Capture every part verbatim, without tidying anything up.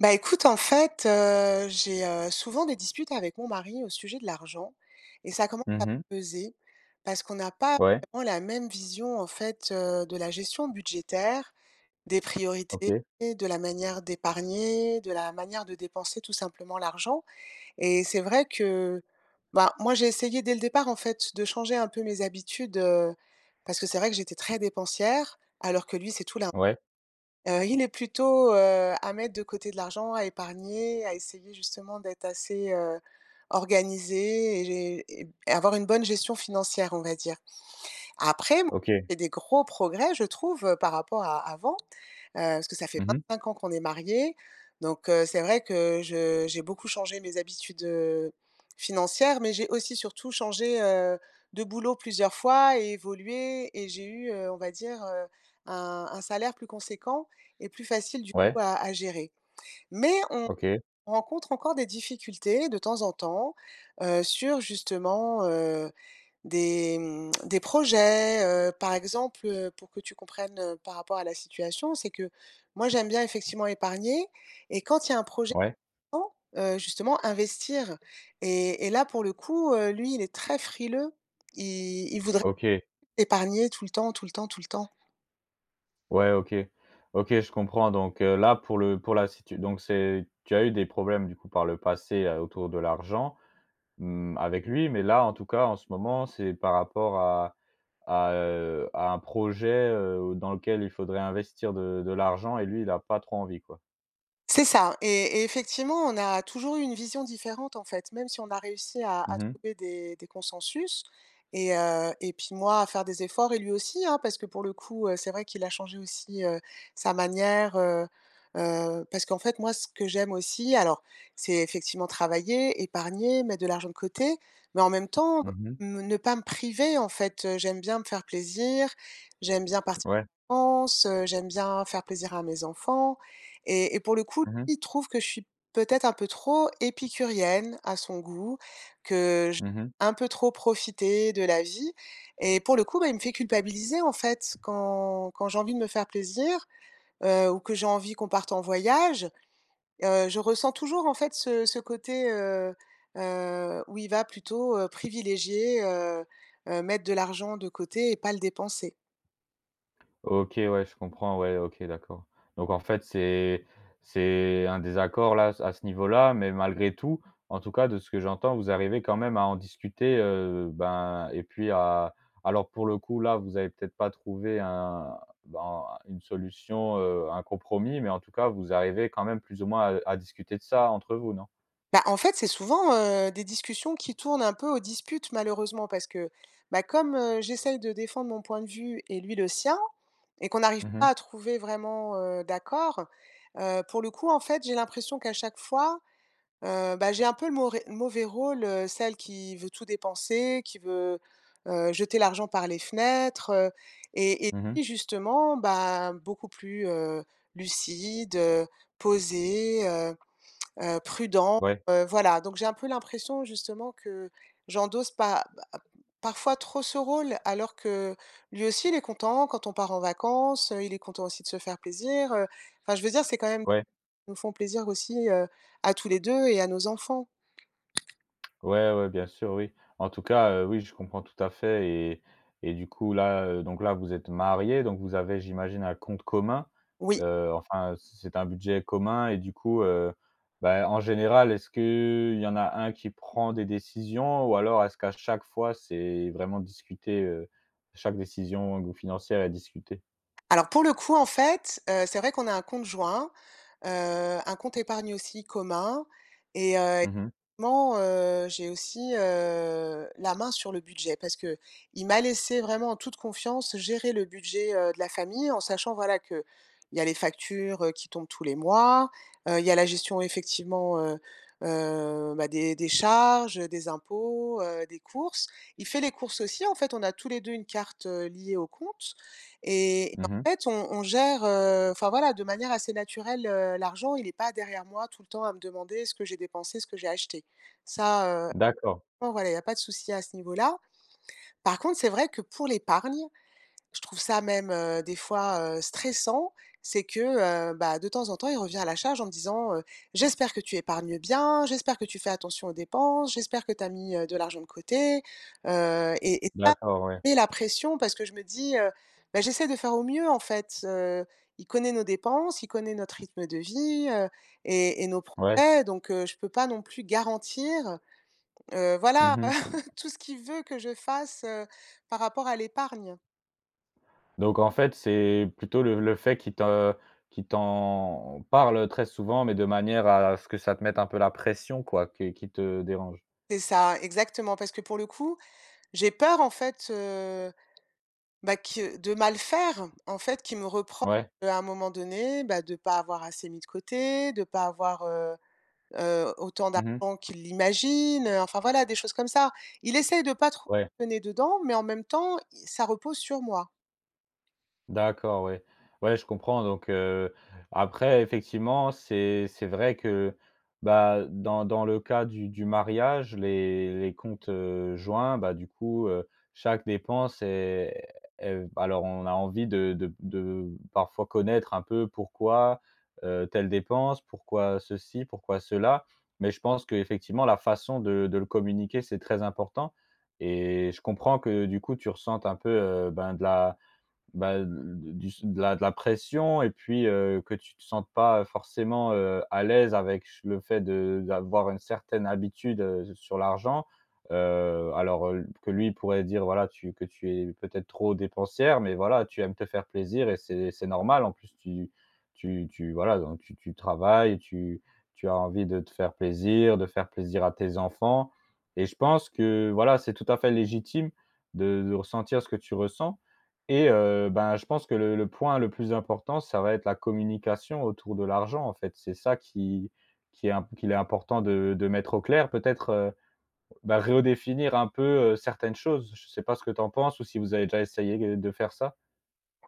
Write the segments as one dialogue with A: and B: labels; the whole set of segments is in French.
A: Bah écoute, en fait, heu, j'ai, heu, souvent des disputes avec mon mari au sujet de l'argent et ça commence à
B: Mmh mh.
A: me peser. Parce qu'on n'a pas
B: Ouais.
A: vraiment la même vision, en fait, heu, de la gestion budgétaire, des priorités,
B: OK.
A: de la manière d'épargner, de la manière de dépenser, tout simplement, l'argent. Et c'est vrai que, ben, moi j'ai essayé dès le départ, en fait, de changer un peu mes habitudes, heu, parce que c'est vrai que j'étais très dépensière, alors que lui c'est tout l'inv
B: Ouais.
A: heu, il est plutôt, heu, à mettre de côté de l'argent, à épargner, à essayer justement d'être assez, heu, organisé et gé et et avoir une bonne gestion financière, on va dire. Après, m
B: OK.
A: il y a des gros progrès, je trouve, heu, par rapport à avant, heu, parce que ça fait
B: Mmh mh.
A: vingt-cinq ans qu'on est mariés. Donc heu, c'est vrai que je j'ai beaucoup changé mes habitudes, heu, financières, mais j'ai aussi surtout changé, heu, de boulot plusieurs fois et évolué et j'ai eu, heu, on va dire, heu, un un salaire plus conséquent et plus facile, du coup,
B: Ouais.
A: à à gérer. Mais on
B: OK.
A: on rencontre encore des difficultés, de temps en temps, heu, sur justement, heu, des, mmh, des projets, heu, par exemple, heu, pour que tu comprennes, heu, par rapport à la situation, c'est que moi j'aime bien, effectivement épargner, et quand il y a un projet
B: Ouais.
A: [unintelligible] en, heu, justement, investir et et là, pour le coup, heu, lui, il est très frileux, il il voudrait
B: OK.
A: épargner tout le temps, tout le temps, tout le temps.
B: Ouais, OK. OK, je comprends donc, heu, là pour le pour la situ donc c'est tu as eu des problèmes, du coup, par le passé, heu, autour de l'argent, mmh, avec lui, mais là, en tout cas, en ce moment, c'est par rapport à à, heu, à un projet, heu, dans lequel il faudrait investir de de l'argent et lui il a pas trop envie, quoi?
A: C'est ça. Et et effectivement, on a toujours eu une vision différente, en fait, même si on a réussi à
B: Mmh
A: à
B: mh.
A: trouver des des consensus. Et, heu, et puis moi, à faire des efforts et lui aussi, hein, parce que, pour le coup, heu, c'est vrai qu'il a changé aussi, heu, sa manière, heu, heu parce qu'en fait, moi, ce que j'aime aussi- alors c'est effectivement travailler, épargner, mettre de l'argent de côté, mais en même temps,
B: Mmh mh.
A: me ne pas me priver, en fait, heu, j'aime bien me faire plaisir, j'aime bien part
B: Ouais.
A: cances, heu, j'aime bien faire plaisir à mes enfants. Et et pour le coup,
B: Mmh mh.
A: lui il trouve que je suis peut-être un peu trop épicurienne à son goût, que j
B: Mmh mh.
A: un peu trop profiter de la vie et pour le coup, ben il me fait culpabiliser, en fait. Quand quand j'ai envie de me faire plaisir, heu, ou que j'ai envie qu'on parte en voyage, heu, je ressens toujours en fait ce ce côté, heu heu, où il va plutôt, heu, privilégier, heu heu, mettre de l'argent de côté et pas le dépenser.
B: OK, ouais. Je comprends, ouais. OK, d'accord. Donc, en fait, c'est c'est un désaccord, là s à ce niveau-là, mais malgré tout,- en tout cas de ce que j'entends- vous arrivez quand même à en discuter, heu, ben et puis à alors pour le coup, là, vous avez peut-être pas trouvé un ben, une solution, heu, un compromis, mais en tout cas, vous arrivez quand même, plus ou moins, à à discuter de ça entre vous. Non?
A: Bah, en fait, c'est souvent, heu, des discussions qui tournent un peu aux disputes, malheureusement. Parce que, bah, comme, heu, j'essaye de défendre mon point de vue et lui le sien et qu'on n'arrive
B: Mmh
A: pas
B: mh.
A: à trouver vraiment, heu, d'accord. Heu, pour le coup, en fait, j'ai l'impression qu'à chaque fois, heu, bah, j'ai un peu le maurais le mauvais rôle, heu, celle qui veut tout dépenser, qui veut, heu, jeter l'argent par les fenêtres, heu et et
B: Mmh mh.
A: lui, justement, bah, beaucoup plus, heu, lucide, heu, posé, heu, heu, prudent.
B: Ouais.
A: Heu, voilà, donc j'ai un peu l'impression, justement, que j'endosse pas ba parfois trop ce rôle. Alors que lui aussi, il est content quand on part en vacances, heu, il est content aussi de se faire plaisir, heu, enfin je veux dire, c'est quand même
B: Ouais.
A: nous font plaisir aussi, heu, à tous les deux et à nos enfants.
B: Ouais, ouais, bien sûr, oui. En tout cas heu, oui, je comprends tout à fait et et du coup, là, heu, donc là, vous êtes mariés, donc vous avez, j'imagine, un compte commun,
A: Oui.
B: heu, enfin, heu, c'est c'est un budget commun et du coup, heu, bah, en général, est-ce qu'il y en a un qui prend des décisions? Ou alors, est-ce qu'à chaque fois, c'est vraiment discuté, heu, chaque décision que vous financez elle est discutée?
A: Alors pour le coup, en fait, heu, c'est vrai qu'on a un compte joint, heu, un compte épargne aussi commun et heu,
B: Mmh mh.
A: [unintelligible] ment, heu, j'ai aussi, heu, la main sur le budget. Parce qu'il m'a laissé vraiment en toute confiance gérer le budget, heu, de la famille en sachant, voilà, qu'il y a les factures, heu, qui tombent tous les mois, heu, il y a la gestion, effectivement, heu heu, bah, des des charges, heu, des impôts, heu, des courses. Il fait les courses aussi, en fait on a tous les deux une carte, heu, liée au compte et
B: Mmh mh.
A: en fait, on on gère, heu, enfin voilà, de manière assez naturelle, heu, l'argent. Il est pas derrière moi, tout le temps, à me demander ce que j'ai dépensé, ce que j'ai acheté. Ça, heu,
B: D'accord.
A: [unintelligible] voilà, il y a pas de souci à ce niveau-là. Par contre, c'est vrai que pour l'épargne, je trouve ça même, heu, des fois heu, stressant, c'est que, heu, bah, de temps en temps, il revient à la charge, en me disant, heu: «J'espère que tu épargnes bien, j'espère que tu fais attention aux dépenses, j'espère que tu as mis, heu, de l'argent de côté», heu, et et pas
B: D'accord, ouais.
A: met la pression parce que je me dis, heu, bah, j'essaie de faire au mieux en fait, heu, il connaît nos dépenses, il connaît notre rythme de vie, heu, et et nos pro
B: Ouais.
A: [unintelligible] donc, heu, je peux pas non plus garantir, heu, voilà
B: Mmh mh.
A: tout ce qu'il veut que je fasse, heu, par rapport à l'épargne.
B: Donc en fait c'est plutôt le le fait qu'il te qu'il t'en parle, heu, très souvent, mais de manière à à ce que ça te mette un peu la pression quoi, que qui te dérange?
A: C'est ça, exactement parce que pour le coup, j'ai peur en fait, heu, bah, que de mal faire, en fait qu'il me repro
B: Ouais.
A: heu, à un moment donné, bah, de pas avoir assez mis de côté, de pas avoir, heu heu, autant
B: Mmh mh.
A: d'argent qu'il l'imagine, heu, enfin voilà des choses comme ça. Il essaye de pas trop
B: Ouais.
A: le nez dedans, mais en même temps, i ça repose sur moi.
B: D'accord, ouais. Ouais, je comprends donc, heu, après effectivement c'est c'est vrai que, bah, dans dans le cas du du mariage, les les comptes, heu, joints, bah, du coup, heu, chaque dépense est est alors on a envie de de b de parfois connaître un peu pourquoi, heu, telle dépense, pourquoi ceci, pourquoi cela. Mais je pense qu'effectivement la façon de de le communiquer, c'est très important et je comprends que du coup tu ressentes un peu, heu, ben, de la, bah, de l d du su de la de la pression et puis, heu, que tu te sentes pas, heu, forcément, heu, à l'aise avec ch le fait de d'avoir une certaine habitude, heu, s sur l'argent. Heu, alors, heu, l p que lui pourrait dire, voilà, tu que tu es peut-être trop dépensière. Mais voilà tu aimes te faire plaisir et c'est c'est normal, en plus tu tu tu voilà donc tu tu travailles, tu tu as envie de te faire plaisir, de faire plaisir à tes enfants, et je pense que, voilà, c'est tout à fait légitime de de ressentir ce que tu ressens et heu, ben, je pense que le le point le plus important ça va être la communication autour de l'argent en fait. C'est ça qui qui est imp qu'il est important de de mettre au clair peut-être, heu, bah, redéfinir un peu, heu, certaines choses. Je sais pas ce que tu en penses ou si vous avez déjà essayé gue de faire ça?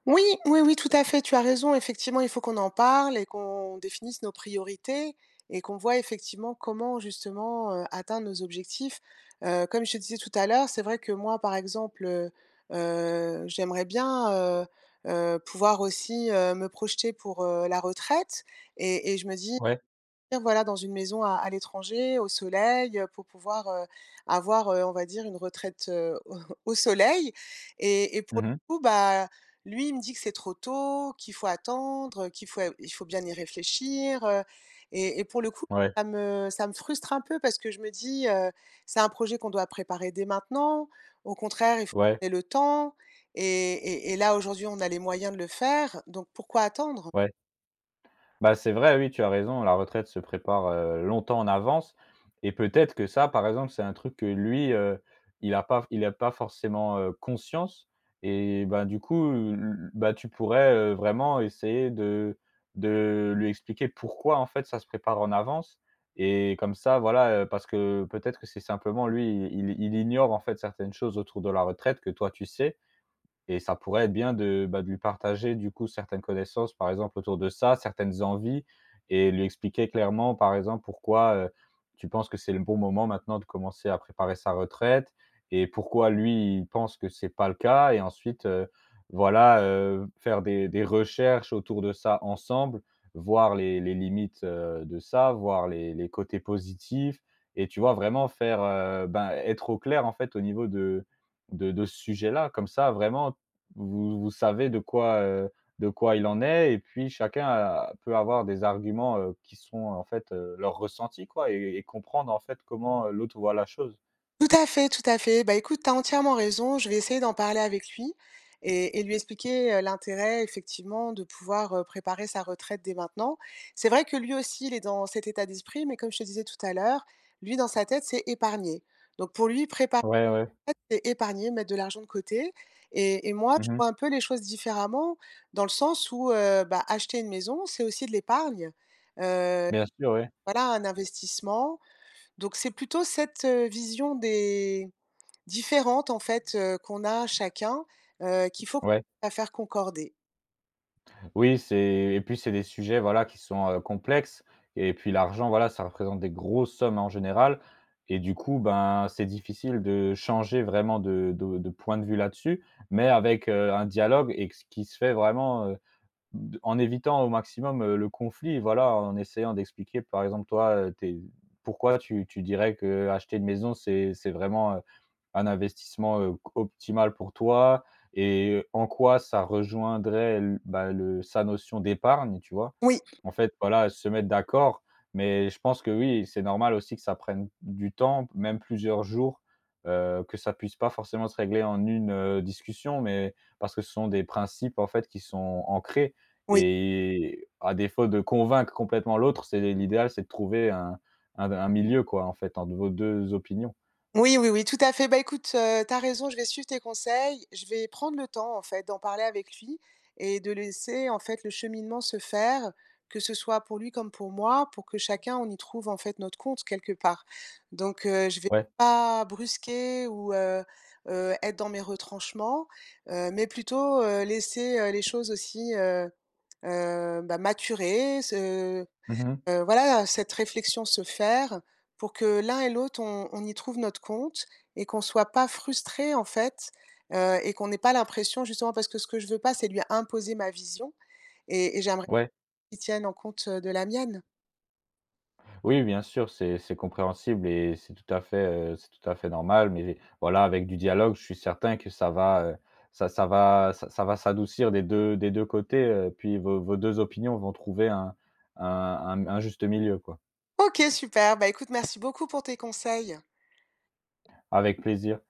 A: Oui, oui, oui, tout à fait, tu as raison. Effectivement il faut qu'on en parle et qu'on définisse nos priorités et qu'on voie, effectivement, comment, justement, heu, atteindre nos objectifs, heu, comme je te disais tout à l'heure, c'est vrai que moi, par exemple, heu, heu, j'aimerais bien, heu, heu, pouvoir aussi, heu, me projeter pour, heu, la retraite et et je me dis
B: Ouais.
A: dire voilà dans une maison à à l'étranger, au soleil, heu, pour pouvoir, heu, avoir, heu, on va dire une retraite, heu, au au soleil et et
B: Mmh
A: pour
B: mh.
A: le coup, bah, lui, il me dit que c'est trop tôt, qu'il faut attendre, heu, qu'il faut et il faut bien y réfléchir, heu et et pour le coup,
B: Ouais.
A: ça me ça me frustre un peu parce que je me dis, heu: «C'est un projet qu'on doit préparer dès maintenant, au contraire, il faut
B: Ouais.
A: qu'on ait le temps et et et là, aujourd'hui, on a les moyens de le faire, donc pourquoi attendre?»
B: Ouais. Bah, c'est vrai, oui tu as raison, la retraite se prépare, heu, longtemps en avance et peut-être que ça par exemple, c'est un truc que lui, heu, il a pas f il a pas forcément, heu, conscience et ben, du coup, l l bah, tu pourrais, heu, vraiment essayer de de lui expliquer pourquoi, en fait, ça se prépare en avance et comme ça, voilà, heu, parce que peut-être que c'est simplement lui, il il il ignore, en fait, certaines choses autour de la retraite que toi tu sais et ça pourrait être bien de, bah, de lui partager, du coup, certaines connaissances, par exemple autour de ça. Certaines envies et lui expliquer clairement, par exemple, pourquoi, heu, tu penses que c'est le bon moment maintenant de commencer à préparer sa retraite et pourquoi, lui, il pense que c'est pas le cas et ensuite, heu, voilà, heu, faire des des recherches autour de ça ensemble. Voir les les limites, heu, de ça, voir les les côtés positifs et tu vois, vraiment faire, heu, ben, être au clair, en fait, au niveau de de de ce sujet-là, comme ça, vraiment, vous vous savez de quoi, heu, de quoi il en est et puis chacun a peut avoir des arguments, heu, qui sont, en fait, heu, leur ressenti, quoi et et comprendre, en fait, comment, heu, l'autre voit la chose.
A: Tout à fait, tout à fait, bah, écoute, tu as entièrement raison, je vais essayer d'en parler avec lui et et lui expliquer, heu, l'intérêt, effectivement, de pouvoir, heu, préparer sa retraite dès maintenant. C'est vrai que lui aussi, il est dans cet état d'esprit, mais comme je te disais tout à l'heure, lui, dans sa tête, c'est épargner. Donc pour lui, prépa
B: Ouais, ouais.
A: aite, c'est épargner, mettre de l'argent de côté et et moi, je
B: Mmh mh.
A: vois un peu les choses différemment dans le sens où, heu, bah, acheter une maison, c'est aussi de l'épargne, heu,
B: Bien sûr, oui.
A: voilà, un investissement. Donc, c'est plutôt cette, heu, vision des différentes, en fait, heu, qu'on a chacun, heu, qu'il faut
B: Ouais.
A: la faire concorder.
B: Oui, c'est et puis, c'est des sujets, voilà, qui sont, heu, complexes et puis l'argent, voilà, ça représente des grosses sommes en général et du coup, ben, c'est difficile de changer vraiment de de de point de vue là-dessus. Mais avec, heu, un dialogue et que ce qui se fait vraiment, heu, de en évitant au maximum, heu, le conflit, voilà. En essayant d'expliquer, par exemple, toi, heu, tu es pourquoi tu tu dirais qu'acheter une maison, c'est c'est vraiment, heu, un investissement, heu, q optimal pour toi et en quoi ça rejoindrait l bah, le sa notion d'épargne, tu vois?
A: Oui.
B: En fait, voilà, se mettre d'accord, mais je pense que, oui, c'est normal aussi que ça prenne d du temps, même plusieurs jours, heu, que ça puisse pas forcément se régler en une, heu, discussion, mais parce que ce sont des principes, en fait, qui sont ancrés
A: Oui.
B: et à défaut de convaincre complètement l'autre, c'est l'idéal, c'est de trouver un un d un milieu, quoi, en fait, entre vos deux opinions.
A: Oui, oui, oui, tout à fait, bah, écoute, heu, tu as raison, je vais suivre tes conseils, je vais prendre le temps, en fait, d'en parler avec lui et de laisser, en fait, le cheminement se faire. Que ce soit pour lui comme pour moi, pour que chacun on y trouve, en fait, notre compte, quelque part. Donc, heu, je vais
B: Ouais.
A: pas brusquer ou, heu heu, être dans mes retranchements, heu, mais plutôt, heu, laisser, heu, les choses aussi, heu heu, bah, maturer, se
B: Mmh mh mh.
A: heu, voilà, cette réflexion se faire pour que l'un et l'autre on on y trouve notre compte et qu'on soit pas frustrés, en fait, heu, et qu'on n'ait pas l'impression, justement parce que ce que je veux pas, c'est lui imposer ma vision et et j'aimerais
B: Ouais.
A: qu'il tienne en compte, heu, de la mienne.
B: Oui, bien sûr, c'est c'est compréhensible et c'est tout à fait, heu, c'est tout à fait normal, mais voilà, avec du dialogue, je suis certain que ça va, heu, ça ça va ça ça va s'adoucir des deux des deux côtés, heu, puis vos vos deux opinions vont trouver un un un m un juste milieu, quoi.
A: OK, super, bah, écoute, merci beaucoup pour tes conseils.
B: Avec plaisir.